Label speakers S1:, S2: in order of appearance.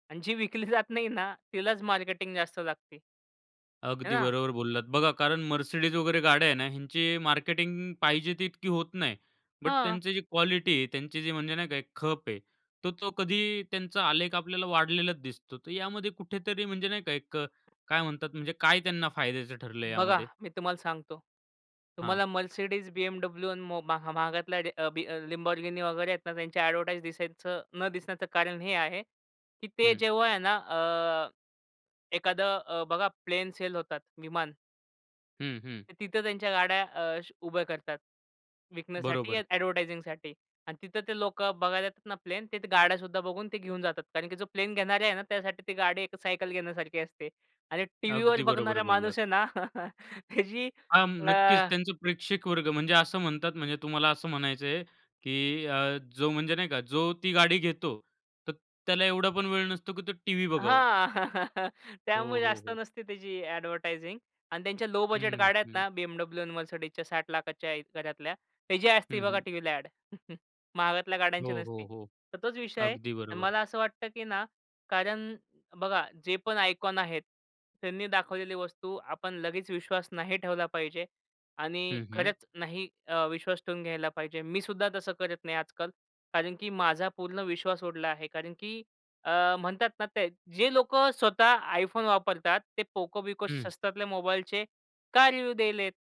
S1: आणि जी विकली जात नाही ना, तिलाच मार्केटिंग जास्त लागते. आहे
S2: अगदी
S1: ना?
S2: बरोबर बोललात. बघा, कारण Mercedes वगैरे गाड्या आहे ना ह्यांची मार्केटिंग पाहिजे ती तितकी होत नाही. बट
S1: हां.
S2: त्यांची जी क्वालिटी आहे, त्यांची जी म्हणजे नाही का खप आहे, तो तो कधी त्यांचा आलेख आपल्याला वाढलेलाच दिसतो. तर यामध्ये कुठेतरी म्हणजे नाही का, एक अ, काय म्हणतात, म्हणजे काय त्यांना फायद्याचं ठरलंय
S1: बघा,
S2: यामध्ये?
S1: मी तुम्हाला सांगतो,
S2: हां.
S1: तुम्हाला Mercedes, BMW आणि मो महा महागातल्या र बी अ, Lamborghini वगैरे आहेत ना, त्यांचे ॲडव्हर्टाइज दिसायचं न दिसण्याचं कारण हे आ, हे की ते
S2: हं.
S1: जेव्हा आहे ना अ, एखादं अ, बघा, प्लेन सेल होतात विमान.
S2: हं, हं.
S1: तर तिथं त्यांच्या गाड्या अ, श उभ्या करतात, विकण्यासाठी या
S2: बरोबर.
S1: ॲडव्हर्टायझिंगसाठी आणि तिथं ते लोकं बघायला येतात ना प्लेन, ते त्या गाड्यासुद्धा बघून ते घेऊन जातात कारण की जो प्लेन घेणारे आहे ना, त्यासाठी ते गाडी एक सायकल घेण्यासारखी असते आणि टी-व्हीवर
S2: अगदी बरोबर
S1: बघणारा माणूस
S2: बोललात.
S1: आहे ना, त्याची
S2: हा,
S1: अ
S2: नक्कीच. त्यांचं प्रेक्षक वर्ग. म्हणजे असं म्हणतात ना, म्हणजे तुम्हाला असं म्हणायचंय, की अ, जो म्हणजे नाही का जो ती गाडी घेतो तर त्याला एवढा पण वेळ नसतो, की तो टीव्ही बघावं.
S1: हां,
S2: हो,
S1: त्यामुळे
S2: हो,
S1: जास्त
S2: हो.
S1: नसते त्याची ॲडव्हर्टायझिंग अन् त्यांच्या लो बजेट
S2: हं,
S1: गाड्या आहेत
S2: हं.
S1: ना, BMW, Mercedesच्या 60 लाखाच्या च्या आहेत घरातल्या, त्याची असते
S2: हं,
S1: बघा
S2: हं.
S1: टीव्हीला अ‍ॅड, महागातल्या
S2: हो,
S1: गाड्यांची
S2: हो,
S1: नसती.
S2: हो.
S1: तर तोच विषय आहे.
S2: अगदी बरोबर.
S1: मला असं वाटतं, की ना कारण बघा, जे पण आयकॉन आहेत त्यांनी दाखवलेली वस्तू आपण लगेच विश्वास नाही ठेवला पाहिजे आणि
S2: हं, हं.
S1: खरंच नाही अ, विश्वास ठेवून घ्यायला पाहिजे. मीसुद्धा तसं करत नाही आजकाल. कारण की माझा पूर्ण विश्वास उडला आहे. कारण की अ, म्हणतात ना त्या जे लोकं स्वतः iPhone वापरतात ते Poco-बिको
S2: हं.
S1: स्वस्तातल्या मोबाईलचे का रिव्ह्यू द्यायलेत?